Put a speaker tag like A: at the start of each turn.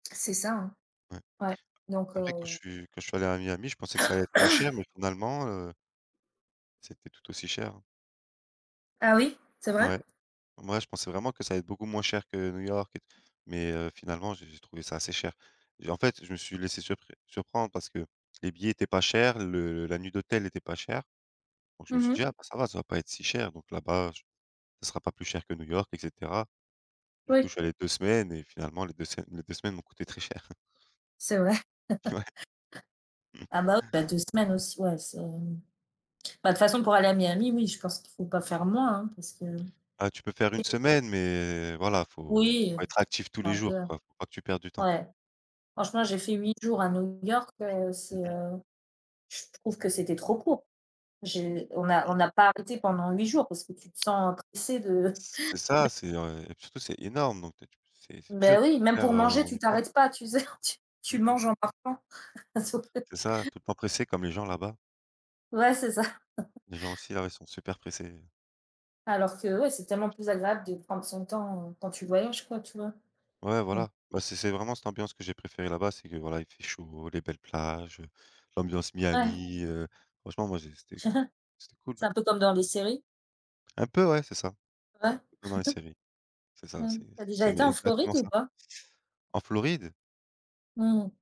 A: C'est ça, hein.
B: Ouais.
A: Ouais donc
B: A
A: heu
B: après quand je suis quand je suis allé à Miami, je pensais que ça allait être moins cher mais finalement, heu c'était tout aussi cher, hein.
A: Ah oui, c'est vrai?
B: Ouais. Moi je pensais vraiment que ça allait être beaucoup moins cher que New York et t mais heu, finalement, j'ai j'ai trouvé ça assez cher et en fait, je me suis laissé surpr surprendre parce que les billets étaient pas chers, le la nuit d'hôtel était pas cher donc je me
A: Mmh
B: suis
A: mh.
B: dit: «Ah bah ça va, ça va pas être si cher donc là-bas, je ce sera pas plus cher que New York et cetera». Du coup je
A: Oui.
B: suis allé 2 semaines et finalement les 2 semaines les 2 semaines m'ont coûté très cher.
A: C'est vrai.
B: Ouais. Mmh.
A: Ah bah oui bah, ah, 2 semaines aussi ouais, c'est bah, de toute façon pour aller à Miami, oui, je pense qu'il faut pas faire moins, hein, parce que
B: Ah, tu peux faire une
A: et
B: semaine mais voilà, il faut
A: Oui,
B: faut être actif tous
A: c'est
B: les
A: un
B: jours
A: peu
B: quoi, il faut pas que tu perdes du temps.
A: ouais. Franchement, j'ai fait 8 jours à New York, heu, c'est,
B: Mmh mh.
A: heu, je trouve que c'était trop court. J'ai on n'a
B: Mmh.
A: on n'a pas arrêté pendant 8 jours parce que tu te sens pressée de de
B: C c'est ça, c'est, heu et puis surtout c'est énorme donc tu es tu c'est c'est dur
A: Ben
B: de
A: oui,
B: tout
A: même
B: faire,
A: pour
B: heu,
A: manger,
B: en
A: tu
B: 1 fois.
A: t'arrêtes pas, tu sais, tu tu
B: Mmh mh.
A: manges en marchant [unintelligible]
B: C'est ça, tout le temps pressé comme les gens là-bas.
A: Ouais, c'est ça.
B: Les gens aussi là, ouais, ils sont super pressés.
A: Alors que, ouais, c'est tellement plus agréable de prendre son temps, heu, quand tu voyages quoi, tu vois?
B: Ouais,
A: Mmh.
B: voilà, bah, c'est c'est vraiment cette ambiance que j'ai préféré là-bas, c'est que, voilà, il fait chaud, les belles plages, heu, l'ambiance
A: Ouais.
B: Miami, heu, franchement, moi, j'ai c'était c'était cool.
A: C'est un peu comme dans les séries?
B: Un peu, ouais, c'est ça.
A: Ouais.
B: Comme dans les séries, c'est ça,
A: Mmh.
B: c'est
A: Tu as déjà
B: c'est
A: été
B: mais
A: en
B: exactement
A: Floride ou
B: ça.
A: pas?
B: En Floride?
A: Mmh mh.